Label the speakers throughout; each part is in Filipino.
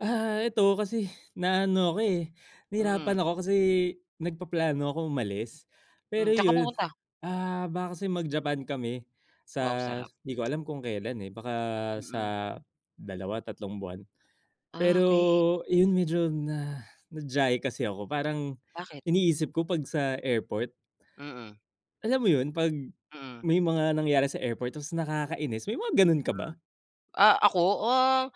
Speaker 1: Ah, eto kasi na ano ako, eh,
Speaker 2: Mm.
Speaker 1: nahirapan ako kasi nagpaplano ako umalis,
Speaker 2: Hmm,
Speaker 1: pero
Speaker 2: sa'n ka
Speaker 1: 'yun,
Speaker 2: pupunta?
Speaker 1: ah, baka kasi mag Japan kami sa
Speaker 2: Wow sarap.
Speaker 1: di ko alam kung kailan, eh, baka sa
Speaker 2: Mm.
Speaker 1: 2, tatlong, buwan.
Speaker 2: Ah,
Speaker 1: Pero
Speaker 2: okey.
Speaker 1: 'yun medyo na na-diyahe kasi ako parang
Speaker 2: Bakit?
Speaker 1: iniisip ko 'pag sa airport
Speaker 2: Mm.
Speaker 1: Alam mo 'yun 'pag
Speaker 2: Mm.
Speaker 1: may mga nangyari sa airport tapos nakakainis, may mga ganun ka ba?
Speaker 2: Ah, ako, ah,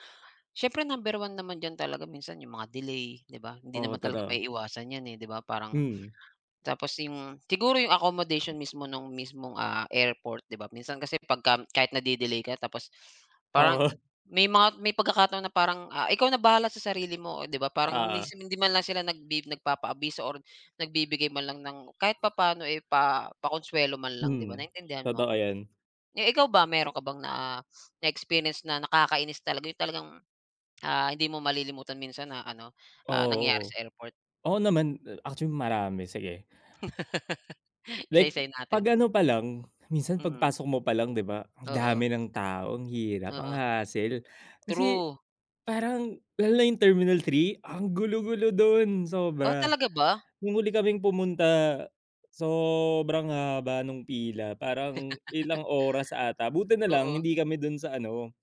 Speaker 2: siyempre number 1 naman diyan talaga minsan 'yung mga delay 'di ba, hindi
Speaker 1: Oo,
Speaker 2: naman talaga
Speaker 1: totoo.
Speaker 2: maiiwasan 'yan, eh, 'di ba parang
Speaker 1: Mm.
Speaker 2: Tapos 'yong siguro 'yong accommodation mismo nung mismong, ah, airport 'di ba minsan kasi pagka kahit na-de-delay ka tapos parang
Speaker 1: Oo.
Speaker 2: may mga may pagkakataon na parang, ah, ikaw na bahala sa sarili mo. Oh, 'di ba parang ni
Speaker 1: Oo.
Speaker 2: hindi man lang sila nag bid nagpapaabiso or nagbibigay man lang ng kahit papaano, eh, pa pakonswelo man lang 'di ba
Speaker 1: Mm.
Speaker 2: naintindihan mo
Speaker 1: Totoo
Speaker 2: ako?
Speaker 1: 'yan.
Speaker 2: Eh, ikaw ba, meron ka bang na na experience na nakakainis talaga 'yun talagang, ah, hindi mo malilimutan minsan na ano, ah, nangyari
Speaker 1: Oo.
Speaker 2: sa airport?
Speaker 1: Oo naman, actually marami, sige. Like,
Speaker 2: Isa-isahin
Speaker 1: 'pag
Speaker 2: natin.
Speaker 1: ano pa lang, minsan 'pag
Speaker 2: Mm.
Speaker 1: pasok mo 'pa lang 'di ba, ang
Speaker 2: Oo.
Speaker 1: dami ng tao, ang hirap, ang
Speaker 2: Oo.
Speaker 1: hassle. Kasi,
Speaker 2: True.
Speaker 1: parang, lalo na 'yung terminal 3 ang gulo-gulo dun,
Speaker 2: Oh
Speaker 1: sobra.
Speaker 2: talaga ba?
Speaker 1: Nung huli kaming pumunta, sobrang haba nung pila, parang ilang oras ata, buti na lang
Speaker 2: Oo.
Speaker 1: hindi kami dun sa ano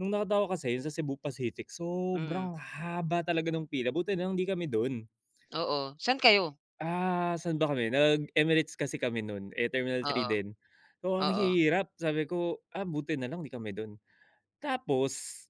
Speaker 1: nung nakita ko kasi 'yung sa Cebu Pacific
Speaker 2: Mm.
Speaker 1: sobrang haba talaga nung pila, buti na lang 'di kami dun.
Speaker 2: Oo, sa'n kayo?
Speaker 1: Ah, saan ba kami, nag Emirates kasi kami nun, eh, terminal 3
Speaker 2: Oo.
Speaker 1: din, oo, ang
Speaker 2: Oo.
Speaker 1: hirap sabi ko, ah, buti na lang 'di kami dun. Tapos